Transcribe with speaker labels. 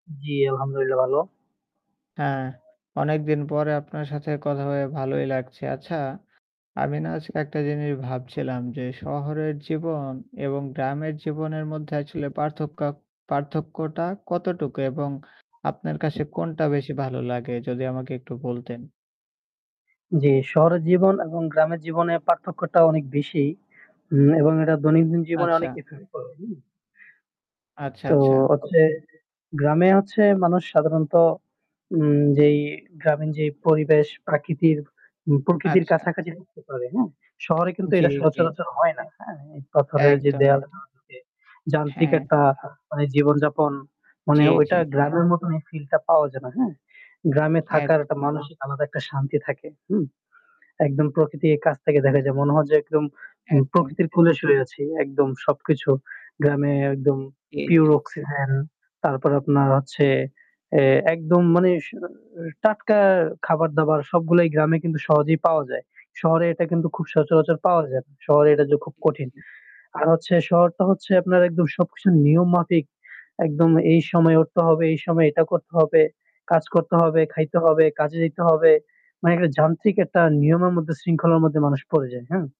Speaker 1: জ্বি, আলহামদুলিল্লাহ ভালো।
Speaker 2: হ্যাঁ অনেক দিন পরে আপনার সাথে কথা হয়ে ভালোই লাগছে। আচ্ছা আমি না আজ একটা জিনিস ভাবছিলাম যে শহরের জীবন এবং গ্রামের জীবনের মধ্যে আসলে পার্থক পার্থক্যটা কতটুকু? এবং আপনার কাছে কোনটা বেশি ভালো লাগে যদি আমাকে একটু বলতেন?
Speaker 1: জ্বী শহরের জীবন এবং গ্রামের জীবনের পার্থক্যটা অনেক বেশি উ এবং এটা দৈনন্দিন জীবনে অনেক
Speaker 2: আচ্ছা।
Speaker 1: ইফেক্ট করে
Speaker 2: আচ্ছা,
Speaker 1: তো
Speaker 2: আচ্ছা।
Speaker 1: হচ্ছে গ্রামে হচ্ছে মানুষ সাধারণত উ যেই গ্রামীন যে পরিবেশ প্রাকৃতির উ প্রকৃতির
Speaker 2: আচ্ছা।
Speaker 1: কাছাকাছি হতে পারে। হ্যাঁ? শহরে কিন্তু
Speaker 2: জী,
Speaker 1: এটা
Speaker 2: জী।
Speaker 1: সচরাচর হয় না। হ্যাঁ? ইট পাথরের
Speaker 2: একদম,
Speaker 1: যে
Speaker 2: একদম।
Speaker 1: দেওয়ালটা আছে যান্ত্রিক
Speaker 2: হ্যাঁ।
Speaker 1: একটা মানে জীবনযাপন মানে
Speaker 2: জ্বি,
Speaker 1: ওইটা
Speaker 2: জ্বি।
Speaker 1: গ্রামের মত এই ফিলটা পাওয়া যায় না। হ্যাঁ? গ্রামে
Speaker 2: একদ
Speaker 1: থাকার একটা মানসিক আলাদা একটা শান্তি থাকে। হু? একদম প্রকৃতির কাছ থেকে দেখা যায়। মনে হয় যে একদম
Speaker 2: একদম।
Speaker 1: প্রকৃতির ফুলে শুয়ে আছি। একদম সবকিছু। গ্রামে একদম
Speaker 2: জ্বি, জ্বি।
Speaker 1: pure অক্সিজেন তারপর আপনার হচ্ছে এ একদম মানে স অ টাটকা খাবার-দাবার সবগুলাই গ্রামে কিন্তু সহজেই পাওয়া যায়। শহরে এটা কিন্তু খুব সচরাচর পাওয়া যায় না। শহরে এটা যে খুব
Speaker 2: জ্বি,
Speaker 1: কঠিন।
Speaker 2: জ্বি।
Speaker 1: আর হচ্ছে শহরটা হচ্ছে আপনার একদম সবকিছু নিয়ম মাফিক। একদম এই সময়ে উঠতে হবে, এই সময়ে এটা করতে হবে। কাজ করতে হবে, খাইতে হবে, কাজে যাইতে হবে। মানে একটা যান্ত্রিক একটা নিয়মের মধ্যে শৃঙ্খলার মধ্যে মানুষ পড়ে যায়। হ্যাঁ?